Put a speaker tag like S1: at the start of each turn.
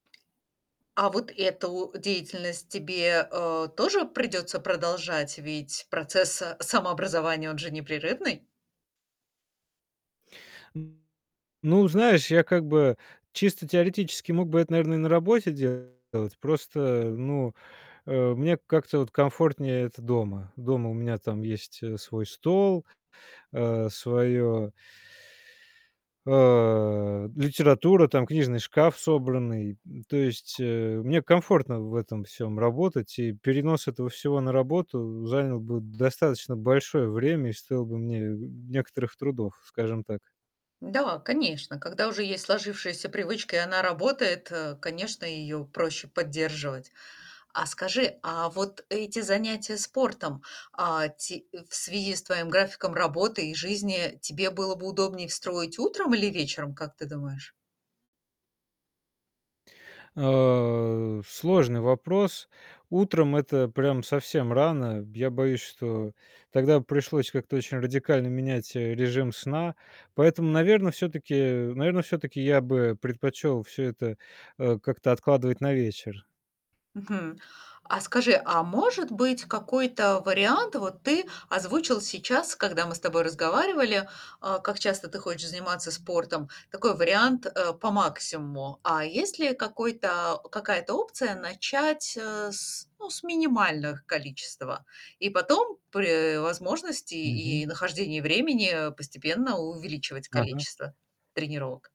S1: А вот эту деятельность тебе, э, тоже придется продолжать? Ведь процесс самообразования, он же непрерывный.
S2: Ну, знаешь, я как бы чисто теоретически мог бы это, наверно, и на работе делать. Просто, ну, э, мне как-то вот комфортнее это дома. Дома у меня там есть, э, свой стол, э, свое э, литература, там книжный шкаф собранный, м. То есть, э, мне комфортно в этом всём работать, и перенос этого всего на работу занял бы д достаточно большое время и стоил бы мне некоторых трудов, скажем так.
S1: Да, конечно. Когда уже есть сложившаяся привычка и она работает, э, конечно, ее проще поддерживать. А скажи, а вот эти занятия спортом, а, ти э, в связи с твоим графиком работы и жизни тебе было бы удобнее строить утром или вечером, как ты думаешь?
S2: А, сложный вопрос. Утром- это прям совсем рано. Я боюсь, что тогда б пришлось как-то очень радикально менять, э, режим сна, поэтому, наверно, всё-таки наверно, всё-таки я бы предпочел всё это, э, как-то откладывать на вечер.
S1: Мгм. А скажи, а может быть какой-то вариант вот ты озвучил сейчас, когда мы с тобой разговаривали, а, как часто ты хочешь заниматься спортом, такой вариант, э, по максимуму, а есть ли какой-то какая-то опция начать, э, с ну, с минимальных количес тва и потом при возможности
S2: Мгм.
S1: и и нахождении времени постепенно увеличивать
S2: Ага.
S1: количество тренировок?